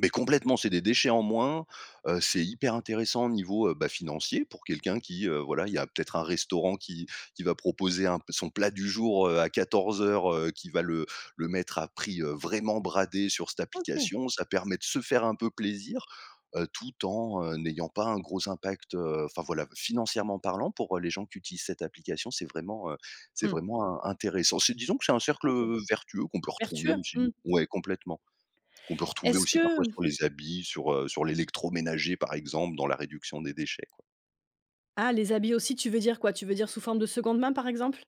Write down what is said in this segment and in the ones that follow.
Mais complètement, c'est des déchets en moins, heu, c'est hyper intéressant niveau, heu, bah, financier pour quelqu'un qui, heu, voilà, il y a peut-être un restaurant qui qui va proposer un son plat du jour, heu, à 14:00, heu, qui va le le mettre à prix, heu, vraiment bradé sur cette OK. application. Ça permet de se faire un peu plaisir, heu, tout en, heu, n'ayant pas un gros impact, heu, enfin, voilà, financièrement parlant, pour, heu, les gens qui utilisent cette application, c'est vraiment, heu, c'est Mmh. vraiment in intéressant. C'est disons que c'est un cercle, OK. heu, vertueux qu'on peut retrouver Vertueux? aussi Mmh. ouais, complètement, qu'on peut retrouver Est-ce aussi parfois que sur les habits, sur, heu, sur l'électroménager, par exemple, dans la réduction des déchets, quoi. Ah! Les habits aussi tu veux dire quoi, tu veux dire sous forme de 2de main, par exemple?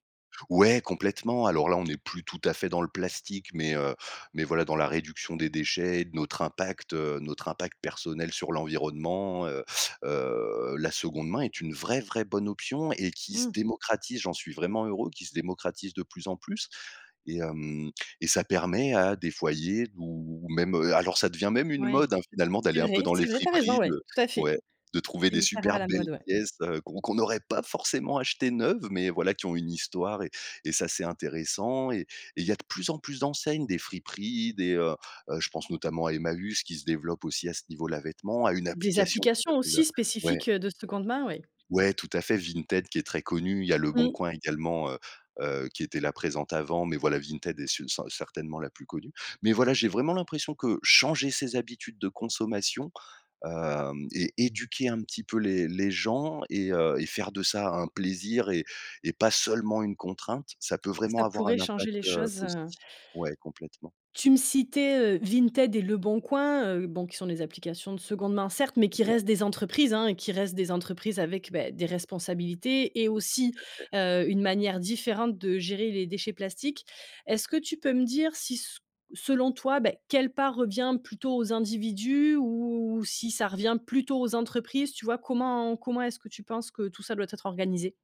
Ouais, complètement. Alors là, on est plus tout à fait dans le plastique, mais heu, mais voilà, dans la réduction des déchets et de notre impact, heu, notre impact personnel sur l'environnement, heu heu, la 2de main est une vraie, vraie bonne option et qui se Mmh. démocratise, j'en suis vraiment heureux, qui se démocratise de plus en plus et hem, et ça permet à des foyers ou même, heu, alors ça devient même une Ouais. mode, hein, finalement, d'aller C'est un peu vrai, dans les c'est vrai, tu as raison, friperies ouais, de tout à fait. ouais, de trouver C'est des hyper à super la belles mode, ouais. pièces, heu, qu'on qu'on aurait pas forcément achetées neuves, mais voilà, qui ont une histoire et et ça, c'est intéressant et et il y a de plus en plus d'enseignes, des friperies, des, heu, je pense notamment à Emmaüs qui se développe aussi à ce niveau-là, vêtements, à une Des application, qui applications s'appelle, heu, aussi ouais. spécifiques, heu, de 2de main, oui. Ouais, tout à fait, Vinted qui est très connu, il y a Mmh. LeBonCoin également, heu heu, qui était là, présente avant mais voilà, Vinted est ce cer certainement la plus connue, mais voilà, j'ai vraiment l'impression que changer ses habitudes de consommation, hem, et éduquer un petit peu les les gens et heu, et faire de ça un plaisir et et pas seulement une contrainte, ça peut vraiment Ça avoir pourrait un changer impact, les heu, choses, heu positif. Ouais, complètement. Tu me citais, heu, Vinted et Leboncoin, heu, bon, qui sont des applications de 2de main, certes, mais qui Ouais. restent des entreprises, hein et qui restent des entreprises avec, bah, des responsabilités et aussi, Tout à fait. heu, une manière différente de gérer les déchets plastiques. Est-ce que tu peux me dire si s selon toi, bah, quelle part revient plutôt aux individus ou si ça revient plutôt aux entreprises? Tu vois? Comment comment est-ce que tu penses que tout ça doit être organisé?